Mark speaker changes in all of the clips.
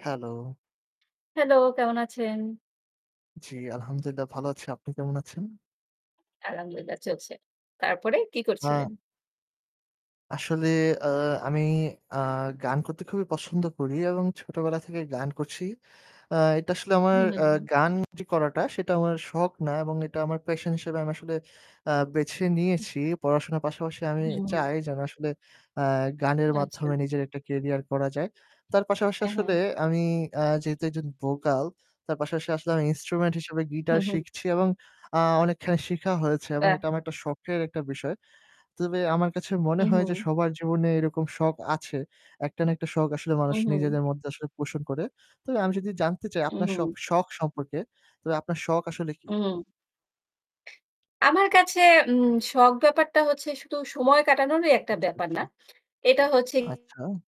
Speaker 1: Hello.
Speaker 2: Hello, কেমন আছেন?
Speaker 1: জি, আলহামদুলিল্লাহ ভালো আছি। আপনি কেমন আছেন?
Speaker 2: আলহামদুলিল্লাহ, চলছে। তারপরে কী
Speaker 1: হ্যাঁ।
Speaker 2: করছিলেন?
Speaker 1: আসলে, আ আমি, আ গান করতে খুবই পছন্দ করি এবং ছোটবেলা থেকেই গান করছি। আ এটা আসলে আমার,
Speaker 2: হু,
Speaker 1: আ
Speaker 2: হুম।
Speaker 1: গান যে করাটা সেটা আমার শখ না এবং এটা আমার passion হিসেবে আমি আসলে, আ বেছে
Speaker 2: উ
Speaker 1: নিয়েছি। পড়াশোনার পাশাপাশি আমি
Speaker 2: হুম।
Speaker 1: চাই যেন আসলে, আ গানের
Speaker 2: আচ্ছা।
Speaker 1: মাধ্যমে নিজের একটা career করা যায়। তার পাশাপাশি
Speaker 2: হ্যাঁ,
Speaker 1: আসলে
Speaker 2: হ্যাঁ।
Speaker 1: আমি, আ যেহেতু একজন vocal, তার পাশাপাশি আসলে আমি instrument হিসেবে guitar
Speaker 2: হ্যাঁ, হ্যাঁ।
Speaker 1: শিখছি এবং, আ অনেকখানি শিখা হয়েছে এবং
Speaker 2: বাহ।
Speaker 1: এটা আমার একটা শখের একটা বিষয়। তবে আমার কাছে মনে হয় যে
Speaker 2: উহু।
Speaker 1: সবার জীবনে এরকম শখ আছে। একটা না একটা শখ আসলে মানুষ
Speaker 2: উহু।
Speaker 1: নিজেদের মধ্যে আসলে পোষণ করে। তবে আমি যদি জানতে চাই আপনার শখ,
Speaker 2: উহু।
Speaker 1: শখ সম্পর্কে, তবে আপনার শখ আসলে কি?
Speaker 2: উম আমার কাছে উম শখ ব্যাপারটা হচ্ছে শুধু সময় কাটানোরই একটা
Speaker 1: আচ্ছা,
Speaker 2: ব্যাপার
Speaker 1: আচ্ছা।
Speaker 2: না। এটা হচ্ছে
Speaker 1: আচ্ছা।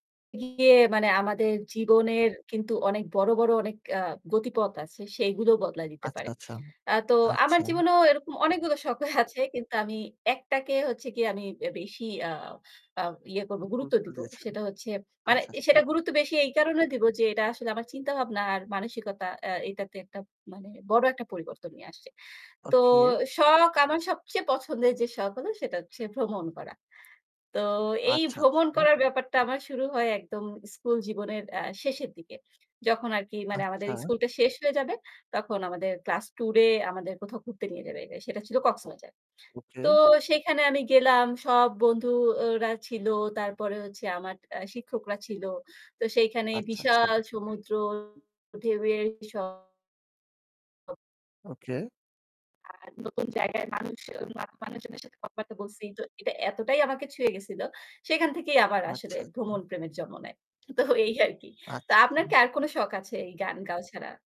Speaker 2: গিয়ে মানে আমাদের জীবনের কিন্তু অনেক বড়, বড় অনেক অ্যা গতিপথ আছে, সেইগুলো বদলায় দিতে
Speaker 1: আচ্ছা,
Speaker 2: পারে।
Speaker 1: আচ্ছা,
Speaker 2: অ্যা তো আমার
Speaker 1: আচ্ছা।
Speaker 2: জীবনেও এরকম অনেকগুলো শখ আছে কিন্তু আমি একটাকে হচ্ছে গিয়ে আমি বেশি ইয়া আ ইয়া করব, গুরুত্ব
Speaker 1: গুরুত্ব
Speaker 2: দিব
Speaker 1: দিয়েছেন,
Speaker 2: সেটা হচ্ছে মানে
Speaker 1: আচ্ছা,
Speaker 2: এ
Speaker 1: আচ্ছা।
Speaker 2: সেটা গুরুত্ব বেশি এই কারণে দিব যে এটা আসলে আমার চিন্তাভাবনা আর মানসিকতা অ্যা এটাতে একটা মানে বড় একটা পরিবর্তন নিয়ে আসছে। তো
Speaker 1: ওকে।
Speaker 2: শখ আমার সবচেয়ে পছন্দের যে শখ হলো সেটা হচ্ছে ভ্রমণ করা। তো এই
Speaker 1: আচ্ছা, আচ্ছা।
Speaker 2: ভ্রমণ করার ব্যাপারটা আমার শুরু হয় একদম স্কুল জীবনের অ্যা শেষের দিকে। যখন আরকি মানে আমাদের
Speaker 1: আচ্ছা।
Speaker 2: স্কুলটা শেষ হয়ে যাবে তখন আমাদের class tour-এ আমাদের কোথাও ঘুরতে নিয়ে যাবে। এটা সেটা ছিল কক্সবাজার।
Speaker 1: ওকে।
Speaker 2: তো সেইখানে আমি গেলাম। সব বন্ধু ওরা ছিল। তারপরে হচ্ছে আমার অ্যা শিক্ষকরা ছিল। তো সেইখানে
Speaker 1: আচ্ছা, আচ্ছা।
Speaker 2: বিশাল সমুদ্র, ঢেউয়ের শব্দ।
Speaker 1: ওকে।
Speaker 2: আর নতুন জায়গায় মানুষজন মানুষেরজনের সাথে কথাবার্তা বলছি তো এটা এতটাই আমাকে ছুঁয়ে গেছিল। সেখান থেকেই আমার আসলে
Speaker 1: আচ্ছা, আচ্ছা।
Speaker 2: ভ্রমণ প্রেমের জন্ম নেয়। তো এই আর কি! তা
Speaker 1: আচ্ছা,
Speaker 2: আপনার
Speaker 1: আচ্ছা।
Speaker 2: কি আর কোন শখ আছে এই গান গাওয়া ছাড়া?